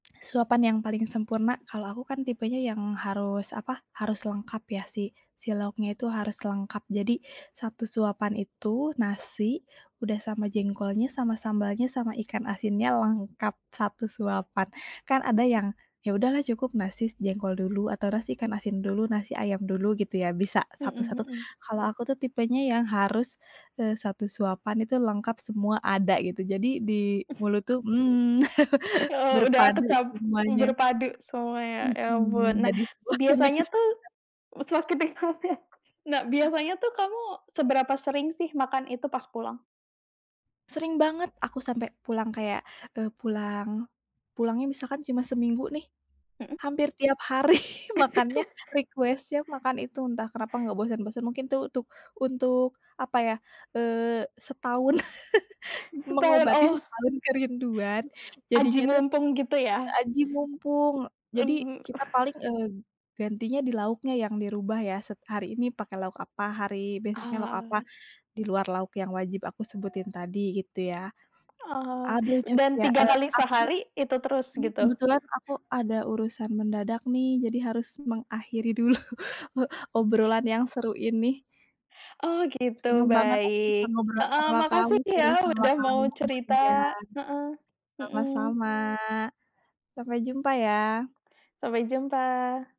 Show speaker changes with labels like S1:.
S1: Suapan yang paling sempurna kalau aku kan tipenya yang harus apa, harus lengkap ya si si lauknya itu harus lengkap. Jadi, satu suapan itu nasi, udah sama jengkolnya, sama sambalnya, sama ikan asinnya, lengkap satu suapan. Kan ada yang, ya udahlah cukup nasi jengkol dulu, atau nasi ikan asin dulu nasi ayam dulu gitu ya bisa
S2: Mhm,
S1: satu-satu.
S2: mhm.
S1: Kalau aku tuh tipenya yang harus, eee, satu suapan itu lengkap semua ada gitu. Jadi di
S2: Eh.
S1: mulut tuh, mmm,
S2: Oh udah
S1: berpadu
S2: kecampur,
S1: semuanya.
S2: berpadu semuanya. Ya
S1: Mhm,
S2: ampun. Nah,
S1: jadi sebuah
S2: biasanya
S1: kenikmatan.
S2: tuh, [unintelligible] nikmatnya. Nah,
S1: Hah.
S2: biasanya tuh kamu seberapa sering sih makan itu pas pulang?
S1: Sering banget aku sampai pulang kayak, eee pulang, pulangnya misalkan cuma seminggu nih,
S2: Mhm.
S1: hampir tiap hari makannya request-nya makan itu, entah kenapa nggak bosen-bosen. Mungkin itu untuk, untuk apa ya, eee, setahun.
S2: Setahun
S1: Mengobati
S2: oh.
S1: setahun kerinduan,
S2: Aji
S1: jadinya tuh
S2: mumpung gitu ya?
S1: aji mumpung. Jadi,
S2: Mhm.
S1: kita paling, eee, gantinya di lauknya yang dirubah ya. set hari ini pakai lauk apa, hari besoknya lauk apa,
S2: Oh.
S1: di luar lauk yang wajib aku sebutin tadi gitu ya.
S2: Oh.
S1: Aduh cukup
S2: Dan
S1: ya,
S2: 3
S1: eee,
S2: kali
S1: aku,
S2: sehari, itu terus
S1: ini
S2: gitu?
S1: kebetulan aku ada urusan mendadak nih jadi harus mengakhiri dulu, obrolan yang seru ini.
S2: Oh gitu,
S1: Seneng banget aku bisa
S2: baik.
S1: ngobrol
S2: Heeh,
S1: sama kamu,
S2: makasih
S1: sharing
S2: ya
S1: sama
S2: udah
S1: kamu,
S2: mau cerita.
S1: iya.
S2: Heeh, mhm.
S1: Sama-sama. Sampai jumpa ya.
S2: Sampai jumpa.